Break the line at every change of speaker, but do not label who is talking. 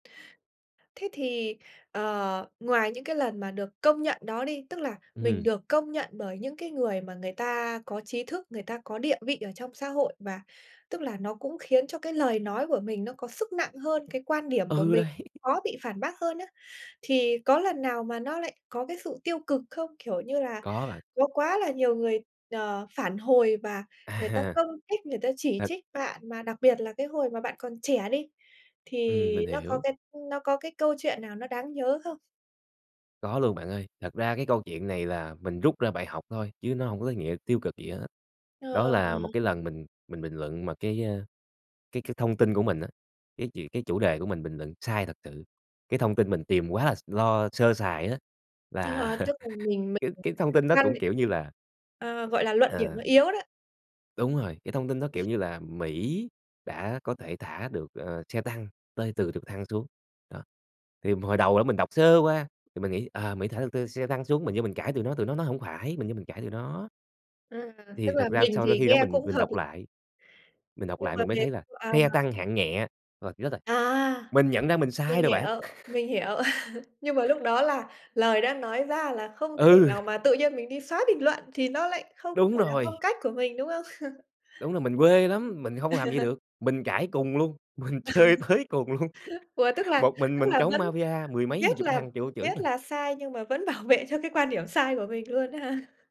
Thế thì, ờ, ngoài những cái lần mà được công nhận đó đi, tức là
Ừm
mình
hưm.
được công nhận bởi những cái người mà người ta có trí thức, người ta có địa vị ở trong xã hội và tức là nó cũng khiến cho cái lời nói của mình nó có sức nặng hơn, cái quan điểm của
Ừ,
mình
đấy.
khó bị phản bác hơn á, thì có lần nào mà nó lại có cái sự tiêu cực không? Kiểu như là,
Có bạn.
có quá là nhiều người, ờ, phản hồi và
À
người ta
ha.
công kích, người ta chỉ
Thật
trích bạn mà đặc biệt là cái hồi mà bạn còn trẻ đi
Ừm,
thì
mình
nó có
hiểu.
cái, ưm, nó có cái câu chuyện nào nó đáng nhớ không?
Có luôn bạn ơi. Thật ra cái câu chuyện này là mình rút ra bài học thôi chứ nó hông có cái nghĩa tiêu cực gì hết á.
Ờ,
Đó là một
ờ.
cái lần mình mình bình luận mà cái, a, cái cái thông tin của mình á, cái chuyện cái chủ đề của mình bình luận sai thật sự, cái thông tin mình tìm quá là s lo sơ sài á,
Ờ, ờ,
là
tức là mình
cái
mình
cái thông tin
[unintelligible]
đó
ngăn
cũng, kiểu như là
[unintelligible] ờ, gọi là, luận điểm
à
nó yếu đó.
đúng rồi, cái thông tin đó, kiểu như là, Mỹ đã có thể thả được, ờ, xe tăng tơi từ trực thăng xuống. Đó. Thì mà hồi đầu á mình đọc sơ qua thì mình nghĩ, ờ, Mỹ thả được t xe tăng xuống mình vô mình cãi tụi nó tụi nó nói hổng phải, mình vô mình cãi tụi nó.
À, tức
Thì
là
thật ra
mình
so với
thì
khi đó
nghe
mình
cũng
mình
hợp l
đọc lại, mình đọc
Nhưng
lại
mà
mình mới
về
thấy là
à.
xe tăng hạng nhẹ. Rồi, chết rồi!
À,
Mình nhận ra mình
mình
sai rồi bạn.
hiểu, mình hiểu. Nhưng mà lúc đó là lời đã nói ra là không thể
Ừ.
nào mà tự nhiên mình đi xoá bình luận thì nó lại không
Đúng
phải là phong
rồi.
cách của mình, đúng không?
Đúng rồi, mình quê lắm, mình hông làm vậy được. Mình cãi cùn luôn, mình chơi tới cùng luôn.
Ủa, tức là
Một mình
tức
mình
là
chống
vẫn
Mafia mười mấy hai
biết
chục
là
thằng vô chửi
biết
mình.
là sai nhưng mà vẫn bảo vệ cho cái quan điểm sai của mình luôn á hả?